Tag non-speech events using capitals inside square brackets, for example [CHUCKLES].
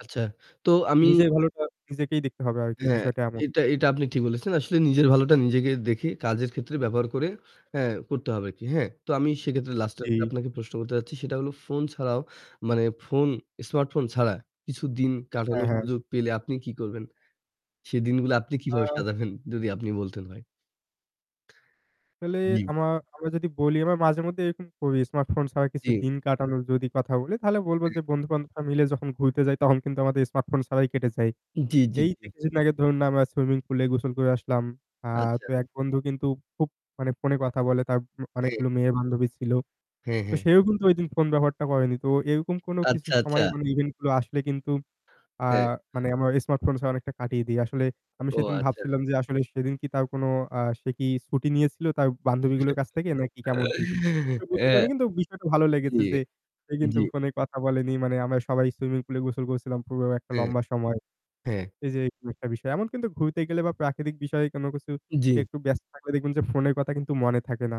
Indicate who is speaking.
Speaker 1: আচ্ছা, তো আমি
Speaker 2: নিজের ভালোটা নিজেকেই দেখতে হবে আর কি
Speaker 1: হ্যাঁ,
Speaker 2: বিষয়টা এমন।
Speaker 1: এটা এটা আপনি ঠিক বলেছেন। আসলে নিজের ভালোটা নিজেকে দেখে কাজের ক্ষেত্রে ব্যবহার করে, হ্যাঁ করতে হবে আর কি। হ্যাঁ? তো আমি সেক্ষেত্রে লাস্ট এক্টা
Speaker 2: জি।
Speaker 1: আপনাকে প্রশ্ন করতে চাচ্ছি সেটা হলো ফোন ছাড়াও মানে ফোন স্মার্টফোন ছাড়া কিছু দিন
Speaker 2: হ্যাঁ,
Speaker 1: কাটানোর
Speaker 2: হ্যাঁ।
Speaker 1: সুযোগ পেলে আপনি কি করবেন? সে দিনগুলো আপনি কিভাবে
Speaker 2: আ
Speaker 1: সাজাবেন যদি আপনি বলতেন ভাই।
Speaker 2: আসলে
Speaker 1: জি।
Speaker 2: আমরা যদি বলি আমরা মাঝে মধ্যে এরকম করি স্মার্ট ফোন ছাড়া কিছু
Speaker 1: জি।
Speaker 2: দিন কাটানোর যদি কথা বলি তাহলে বলবো যে
Speaker 1: [UNINTELLIGIBLE]
Speaker 2: বন্ধু বান্ধবরা মিলে যখন ঘুরতে যাই তখন কিন্তু আমাদের স্মার্ট ফোন ছাড়াই কেটে যায়।
Speaker 1: জি, জি,
Speaker 2: এই
Speaker 1: জি।
Speaker 2: যে কিছুদিন আগে ধরুন না আমরা সুইমিং পুলে গোসল করে আসলাম। আ
Speaker 1: আচ্ছা।
Speaker 2: তো এক বন্ধু কিন্তু খুব মানে ফোনে কথা বলে তার
Speaker 1: হ্যাঁ।
Speaker 2: অনেকগুলো মেয়ে বান্ধবী ছিল।
Speaker 1: হ্যাঁ,
Speaker 2: তো
Speaker 1: হ্যাঁ।
Speaker 2: সেও কিন্তু ঐদিন ফোন ব্যবহারটা করেনি। তো এরকম কোনো কিছু
Speaker 1: আচ্ছা, আচ্ছা।
Speaker 2: সময় মানে ইভেন্ট গুলো আসলে কিন্তু আ
Speaker 1: হ্যাঁ।
Speaker 2: মানে আমার স্মার্টফোন ছাড়া অনেকটা কাটিয়ে দেই। আসলে আমি
Speaker 1: ও
Speaker 2: সেদিন
Speaker 1: আচ্ছা।
Speaker 2: ভাবছিলাম যে আসলে সেদিন কি তার কোন আ সে কি ছুটি নিয়েছিল তার বান্ধবী গুলোর কাছ থেকে নাকি কেমন কি? আসলে
Speaker 1: [CHUCKLES]
Speaker 2: বুঝতে
Speaker 1: হ্যাঁ,
Speaker 2: পারিনি কিন্তু বিষয়টা ভালো লেগেছে
Speaker 1: জি,
Speaker 2: যে সে কিন্তু
Speaker 1: জি।
Speaker 2: ফোনে কথা বলেনি মানে আমরা সবাই সুইমিং পুল এ গোসল করেছিলাম পুরো একটা
Speaker 1: হ্যাঁ,
Speaker 2: লম্বা সময়।
Speaker 1: হ্যাঁ।
Speaker 2: এই যে এরকম একটা বিষয়। এমন কিন্তু ঘুরতে গেলে বা প্রাকৃতিক বিষয়ে কোন কিছু
Speaker 1: জি।
Speaker 2: একটু ব্যস্ত থাকলে দেখবেন যে ফোনের কথা কিন্তু মনে থাকে না।